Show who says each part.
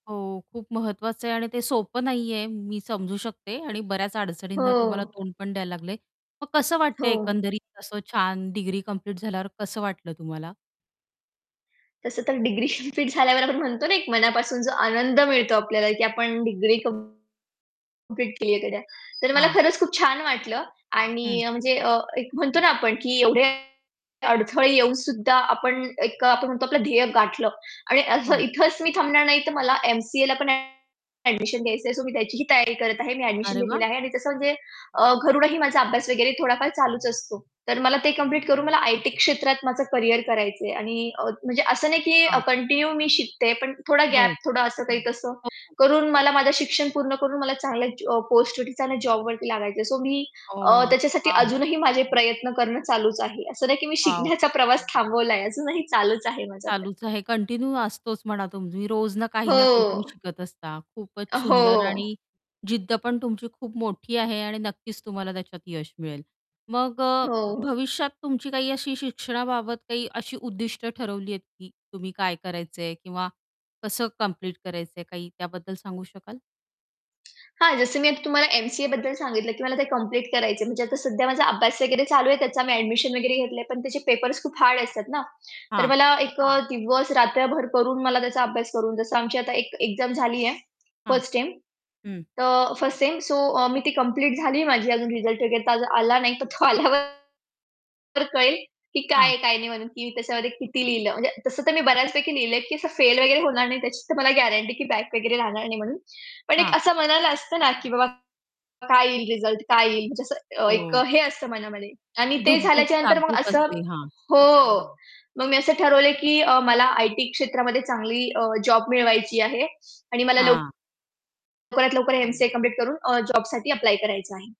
Speaker 1: हो, खूप महत्वाचं आहे आणि ते सोपं नाहीये, मी समजू शकते आणि बऱ्याच अडचणींना तुम्हाला
Speaker 2: हो.
Speaker 1: तोंड पण द्यायला लागलंय. मग कसं
Speaker 2: हो.
Speaker 1: वाटतंय एकंदरीत असं छान डिग्री कंप्लीट झाल्यावर कसं वाटलं तुम्हाला?
Speaker 2: तसं तर डिग्री कंप्लीट झाल्यावर आपण म्हणतो ना एक मनापासून जो आनंद मिळतो आपल्याला की आपण डिग्री कंप्लीट केलीये गड्या. तर मला
Speaker 1: हां.
Speaker 2: खरंच खूप छान वाटलं. आणि
Speaker 1: हं.
Speaker 2: अ, म्हणजे एक म्हणतो ना आपण की एवढे अडथळे येऊन सुद्धा आपण एक आपण म्हणतो आपलं ध्येय गाठलं. आणि असं
Speaker 1: हो.
Speaker 2: इथेच मी थांबणार नाही, तर मला एम-सी-एला पण ॲडमिशन घ्यायचंय. सो मी त्याचीही तयारी करत आहे. मी ॲडमिशन
Speaker 1: अरे
Speaker 2: घेतलेली
Speaker 1: वाह!
Speaker 2: आहे. आणि तसं म्हणजे अ, घरूनही माझा अभ्यास वगैरे थोडाफार चालूच असतो. तर मला ते कंप्लीट करून मला आय-टी क्षेत्रात माझं करियर करायचंय आणि अ, म्हणजे असं नाही की
Speaker 1: हां.
Speaker 2: कंटिन्यू मी शिकतेय पण थोडा गॅप,
Speaker 1: बरं.
Speaker 2: थोडा असं, काही तसं
Speaker 1: हो, हो.
Speaker 2: करून मला माझं शिक्षण पूर्ण करून मला चांगल्या ज अ, पोस्ट वरतीच जॉबवरती लागायचं आहे. सो मी अ,
Speaker 1: ओह,
Speaker 2: त्याच्यासाठी
Speaker 1: वॉव!
Speaker 2: अजूनही माझे प्रयत्न करणं चालूच आहे. असं नाही की मी
Speaker 1: वॉव!
Speaker 2: शिकण्याचा प्रवास थांबवलाय आहे अजूनही चालूच आहे माझा प्रयत्न.
Speaker 1: चालूच आहे कंटिन्यू असतोच म्हणा, तुम्ही रोज ना काही ना काहीतरी
Speaker 2: हो.
Speaker 1: शिकत असता. खूपच सुंदर
Speaker 2: हो.
Speaker 1: आणि जिद्द पण तुमची खूप मोठी आहे आणि नक्कीच तुम्हाला त्याच्यात यश मिळेल. मग अ,
Speaker 2: हो.
Speaker 1: भविष्यात तुमची काही अशी शिक्षणाबाबत काही अशी उद्दिष्ट ठरवली आहेत की तुम्ही काय करायचं आहे किंवा कसं कम्प्लीट करायचं आहे, काही त्याबद्दल सांगू शकाल?
Speaker 2: हां, जसं मी आता तुम्हाला एम-सी-एबद्दल सांगितलं की मला ते कंप्लीट करायचंय. म्हणजे आता सध्या माझा अभ्यास वगैरे चालू आहे त्याचा, मी ॲडमिशन वगैरे घेतलंय, पण त्याचे पेपर्स खूप हार्ड असतात ना. तर
Speaker 1: हां.
Speaker 2: मला एक अ, दिवस रात्रभर करून मला त्याचा अभ्यास करून, जसं आमची आता एक एक्झाम झालीये
Speaker 1: हां.
Speaker 2: 1st टेम,
Speaker 1: हं.
Speaker 2: तर 1st सेम, सो अ, मी ती कंप्लीट झालीये माझी अजून रिझल्ट वगैरे तर अज आला नाही, तर तो आल्यावर तर कळेल की काय
Speaker 1: हां.
Speaker 2: आहे, काय नाही म्हणून की मी त्याच्यामध्ये किती लिहिलं. म्हणजे तसं तर मी बऱ्याचपैकी लिहिलंय की असं फेल वगैरे होणार नाही, त्याची तर मला गॅरंटी की बॅक वगैरे लागणार नाही म्हणून. पण एक
Speaker 1: हां.
Speaker 2: असं मनाला असतं ना की "बाबा काय येईल रिझल्ट? काय येईल?" म्हणजे असं अ, एक
Speaker 1: ओह!
Speaker 2: अ, हे असतं मनामध्ये आणि ते
Speaker 1: धुकधुक,
Speaker 2: झाल्याच्या नंतर मग
Speaker 1: धाकधूक
Speaker 2: असं
Speaker 1: असते. हां.
Speaker 2: हो. मग मी असं ठरवलंय की मला आय-टी क्षेत्रामध्ये चांगली अ, जॉब मिळवायची आहे. आणि मला
Speaker 1: हां.
Speaker 2: लवकरात लवकर एम-सी-ए कंप्लीट करून अ, जॉबसाठी अप्लाय करायचं आहे.